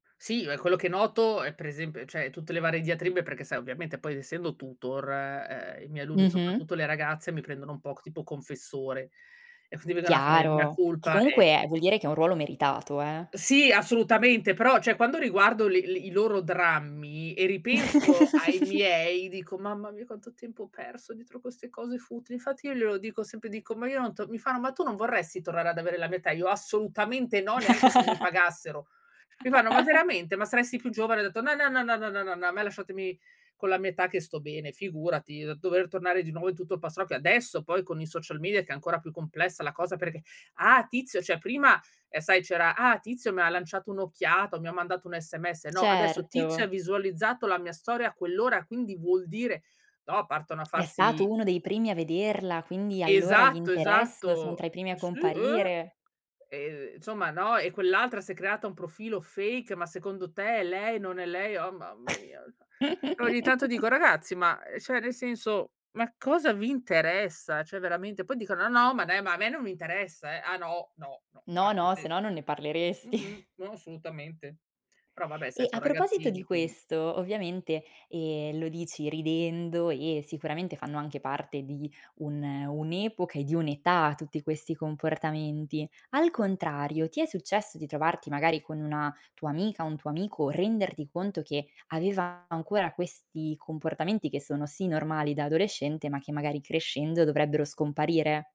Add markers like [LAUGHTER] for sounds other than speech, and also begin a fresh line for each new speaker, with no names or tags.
Sì, e quello che noto è per esemp cioè, tutte le varie diatribe perché sai ovviamente poi essendo tutor, e, ehm, i miei alunni,
Mh-mh.
soprattutto le ragazze, mi prendono un po' c tipo confessore. E quindi vengono a fare il mea
Chiaro, che
culpa,
comunque
ecco.
vuol dire che è un ruolo meritato, eh!
Sì, assolutamente, però, cioè quando riguardo le l i loro drammi e ripenso ai
[GIGGLES]
miei, dico: "Mamma mia quanto tempo ho perso dietro queste cose futili". Infatti io glielo dico sempre, dico: "Ma io non to" mi fanno: "Ma tu non vorresti tornare ad avere la mia età?" Io: "Assolutamente no, neanche se mi pagassero!" Mi fanno: "Ma
[LAUGHS]
veramente? Ma saresti più giovane." Ho detto: "No, no, no, no, no, no, no, no, a me lasciatemi con la mia età che sto bene, figurati." Dover tornare di nuovo in tutto il pastrocchio, adesso poi con i social media che è ancora più complessa la cosa perché: "Ah Tizio" cioè, prima sai c'era "Ah Tizio mi lanciato un'occhiata, mi ha mandato un sms." No, adesso "Tizio ha
Certo.
visualizzato la mia storia a quell'ora quindi vuol dire" no, partono a
"È stato
farsi
uno dei primi a vederla, quindi allora gli
Esatto,
interesso, sono
esatto.
tra i primi a
Sì, eh!
comparire."
Ehm, insomma, no. "E quell'altra si è creata un profilo fake, ma secondo te è lei, non è lei?" Oh mamma mia, cioè. E ogni tanto
[CHUCKLES]
dico: "Ragazzi, ma, ehm, cioè nel senso, ma cosa vi interessa?" Cioè veramente, poi dicono: "No, ma dai, ma a me non mi interessa eh!" Ah no? No, no,
No,
infatti
no, se
te
no non ne
mh-mh.
parleresti.
No, assolutamente. Però vabbè, sai,
E
so'
a proposito di
ragazzini, quindi
questo, ovviamente, ehm, lo dici ridendo e sicuramente fanno anche parte di un un'epoca e di un'età tutti questi comportamenti. Al contrario, ti è successo di trovarti magari con una tua amica, un tuo amico, renderti conto che aveva ancora questi comportamenti che sono sì, normali da adolescente, ma che magari crescendo dovrebbero scomparire?